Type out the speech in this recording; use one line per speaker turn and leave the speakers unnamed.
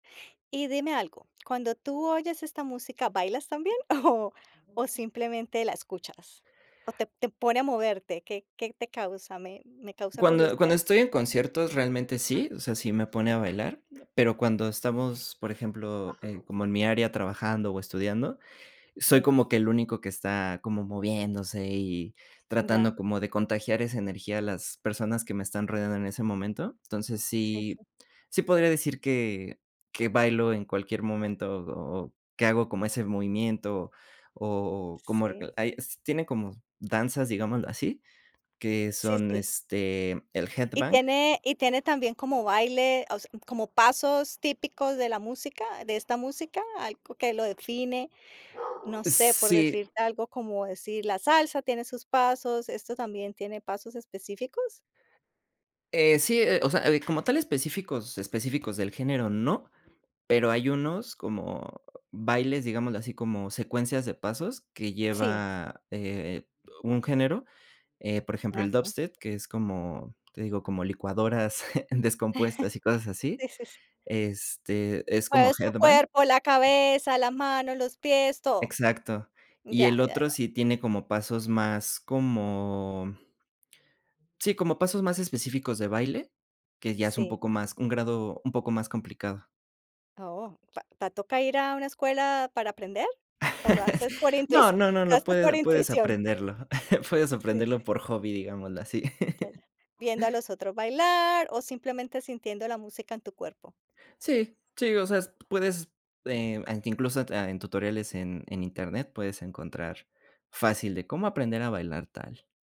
Y dime algo, cuando tú oyes esta música, ¿bailas también o o simplemente la escuchas? ¿O te te pone a moverte? ¿Qué qué te causa? Me me causa
Cuando
curiosidad.
cuando estoy en conciertos realmente sí, o sea, sí me pone a bailar, pero cuando estamos, por ejemplo, en, como en mi área trabajando o estudiando, soy
Sí.
como que el único que está como moviéndose, y
Ya.
tratando como de contagiar esa energía a las personas que me están rodeando en ese momento. Entonces,
Sí,
sí
sí.
sí podría decir que que bailo en cualquier momento, o o que hago como ese movimiento, o como,
Sí.
hay, s tienen como danzas, digámoslo así, que
Sí,
son,
sí.
este, el
¿Y
headbang.
tiene y tiene también como baile, o se como pasos típicos de la música, de esta música? ¿Algo que lo define? No sé, por
Sí.
decirte algo, como decir la salsa tiene sus pasos. ¿Esto también tiene pasos específicos?
Eh, sí, eh, o sea, como tal específicos, específicos del género no, pero hay unos como bailes, digámoslo así, como secuencias de pasos, que
Sí.
lleva, eh, un género, eh, por ejemplo, el
Ajá.
dubstep, que es como te digo, como licuadoras descompuestas y cosas así.
Sí, sí, sí.
Este, es como
Mueves tu
headbang.
cuerpo, la cabeza, las manos, los pies, todo.
Exacto. Y
Ya,
el
ya,
otro
ya.
sí tiene como pasos más como Sí, como pasos más específicos de baile, que ya es un
Sí.
poco más un grado un poco más complicado.
Oh, ta ¿te toca ir a una escuela para aprender o lo haces por
No,
intuici
no, no,
lo
lo
haces por
puedes puedes
intuición?
aprenderlo. Puedes
Sí.
aprenderlo por hobby, digámoslo así.
Ya, ya. Viendo a los otros bailar o simplemente sintiendo la música en tu cuerpo.
Sí, sí, o sea, s puedes, eh, an incluso, ah, en tutoriales en en internet puedes encontrar fácil de "cómo aprender a bailar tal".